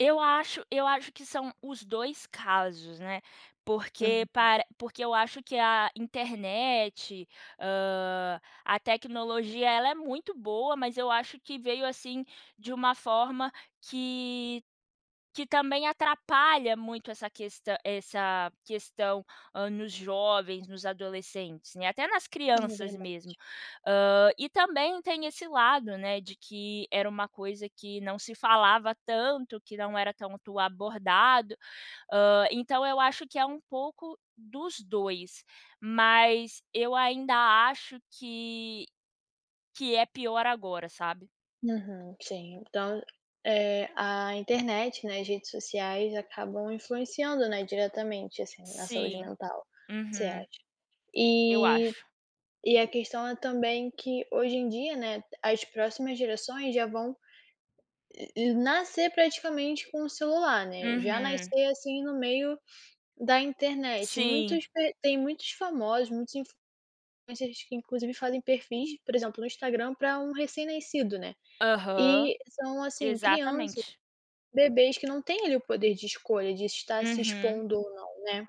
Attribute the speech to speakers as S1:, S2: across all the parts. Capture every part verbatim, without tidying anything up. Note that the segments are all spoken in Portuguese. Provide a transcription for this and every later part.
S1: Eu acho eu acho que são os dois casos, né, porque
S2: Uhum.
S1: para porque eu acho que a internet, hã, a tecnologia, ela é muito boa, mas eu acho que veio, assim, de uma forma que que também atrapalha muito essa questã essa questão, hã, nos jovens, nos adolescentes, né, até nas
S2: Hum, é
S1: crianças
S2: verdade.
S1: mesmo. Hã, e também tem esse lado, né, de que era uma coisa que não se falava tanto, que não era tanto abordado, hã, então eu acho que é um pouco dos dois, mas eu ainda acho que que é pior agora, sabe.
S2: Aham, sim, então, eh, a internet, né, as redes sociais acabam influenciando, né, diretamente, assim, na saúde
S1: Sim.
S2: mental, você acha.
S1: Uhum. Eu
S2: E
S1: acho.
S2: e a questão é também que hoje em dia, né, as próximas gerações já vão nascer praticamente com o celular, né, já
S1: Uhum.
S2: nascer, assim, no meio da internet.
S1: Sim.
S2: Muitos pe tem muitos famosos, muitos influ mas eles, que inclusive fazem perfis, por exemplo, no Instagram para um recém-nascido, né.
S1: Aham.
S2: E são assim, crianças,
S1: Exatamente.
S2: bebês que não têm, ali, o poder de escolha, de estar se
S1: Uhum.
S2: expondo ou não, né.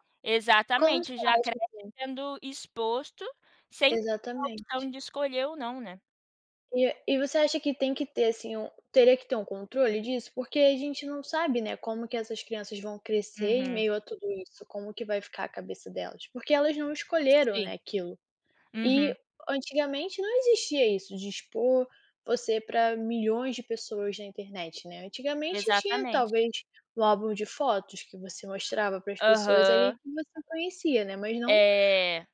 S2: Como você
S1: Exatamente, já cresce
S2: acha, assim?
S1: sendo exposto, sem a
S2: Exatamente.
S1: opção de escolher ou não, né.
S2: E a e você acha que tem que ter, assim, um teria que ter um controle disso? Porque a gente não sabe, né, como que essas crianças vão crescer em
S1: Uhum.
S2: meio a tudo isso, como que vai ficar a cabeça delas, porque elas não escolheram,
S1: Sim.
S2: né, aquilo. E
S1: Uhum.
S2: antigamente não existia isso, de expor você para milhões de pessoas na internet, né, antigamente tinha,
S1: Exatamente.
S2: talvez, um álbum de fotos que você mostrava para as pessoas, ali,
S1: Aham.
S2: que você conhecia, né, mas não
S1: É.